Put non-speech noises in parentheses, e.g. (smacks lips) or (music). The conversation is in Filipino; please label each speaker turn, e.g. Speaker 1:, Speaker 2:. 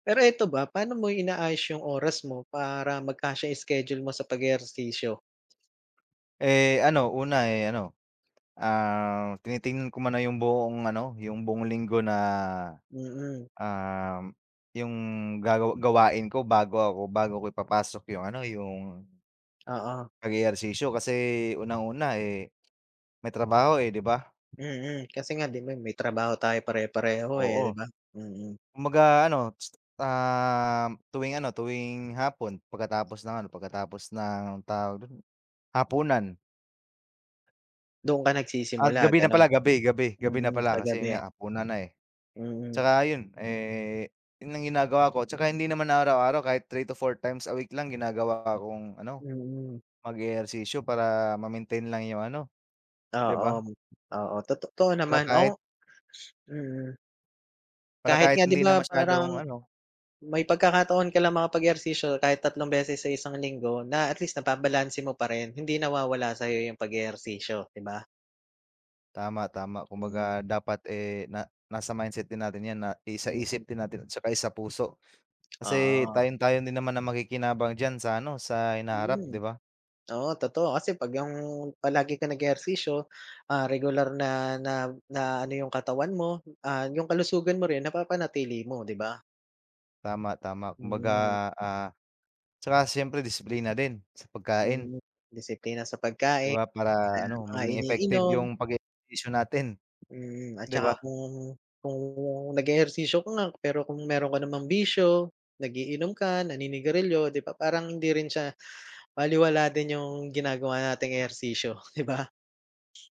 Speaker 1: Pero ito ba, paano mo inaayos yung oras mo para magkasya schedule mo sa pag-eehersisyo?
Speaker 2: Eh, ano una, eh, ano, ah, tinitignan ko muna yung buong ano, yung buong linggo na,
Speaker 1: Mm.
Speaker 2: ah, yung gagawa gawain ko bago ako bago ko ipapasok yung ano yung,
Speaker 1: Oo.
Speaker 2: pag ehersisyo kasi unang-una, eh, may trabaho, eh, di ba?
Speaker 1: Mhm, kasi nga di ba, may trabaho tayo pare-pareho,
Speaker 2: Oo.
Speaker 1: eh, di ba? Mhm.
Speaker 2: Kumbaga ano, um, tuwing
Speaker 1: (tsk)
Speaker 2: ano, tuwing hapon pagkatapos ng ano pagkatapos ng tawag do'n, hapunan.
Speaker 1: Do'n ka
Speaker 2: Ah,
Speaker 1: nagsisimula
Speaker 2: gabi na
Speaker 1: gano'n,
Speaker 2: pala, gabi, gabi, gabi na
Speaker 1: hmm, sa
Speaker 2: pala kasi 'yon
Speaker 1: gabi?
Speaker 2: nga hapunan na, eh.
Speaker 1: Mhm.
Speaker 2: 'Tsaka 'yon, eh, 'yon ang ginagawa ko 'tsaka hindi naman araw-araw kahit 3 to 4 times a week lang ginagawa akong ano.
Speaker 1: Mhm.
Speaker 2: Mag-ehersisyo para ma-maintain lang yung ano, di
Speaker 1: Oo,
Speaker 2: ba?
Speaker 1: oo totoo
Speaker 2: Di ba,
Speaker 1: naman.
Speaker 2: kahit
Speaker 1: Oo, (sniffs) mhm.
Speaker 2: para
Speaker 1: Kahit
Speaker 2: kahit
Speaker 1: nga di
Speaker 2: hindi na
Speaker 1: ba,
Speaker 2: masyadong
Speaker 1: parang,
Speaker 2: ano
Speaker 1: may pagkakataon ka lang mga pag-ehersisyo kahit tatlong beses sa isang linggo na at least nababalanse mo pa rin hindi nawawala sayo yung pag-eehersisyo 'di ba?
Speaker 2: Tama, tama
Speaker 1: Hmm.
Speaker 2: kumbaga dapat, eh, na nasa mindset din natin yan na
Speaker 1: Mhm.
Speaker 2: isa-isip din natin saka isa-puso
Speaker 1: (smacks lips)
Speaker 2: kasi
Speaker 1: Ah.
Speaker 2: tayong tayo din naman ang makikinabang diyan sa ano, sa hinaharap, di
Speaker 1: Hmm,
Speaker 2: ba?
Speaker 1: oo totoo kasi pag yung palagi kang nag-eehersisyo, ah, regular na na na ano yung katawan mo, ah, yung kalusugan mo rin napapanatili mo, di ba?
Speaker 2: Tama, tama kumbaga,
Speaker 1: Hmm.
Speaker 2: ah, 'tsaka siyempre disiplina din sa pagkain.
Speaker 1: Hmm, disiplina sa
Speaker 2: Di
Speaker 1: pagkain,
Speaker 2: ba,
Speaker 1: sa
Speaker 2: para ano,
Speaker 1: mga
Speaker 2: maging effective
Speaker 1: iniinom.
Speaker 2: yung pag eehersisyo natin.
Speaker 1: Hmm, at
Speaker 2: Di
Speaker 1: 'tsaka
Speaker 2: ba?
Speaker 1: kung, kung nag-eehersisyo ko nga pero kung mayro'n ka namang bisyo, nag-iinom ka, naninigarilyo di ba, parang hindi rin siya balewala din yung ginagawa nating ehersisyo di ba? (sniffs)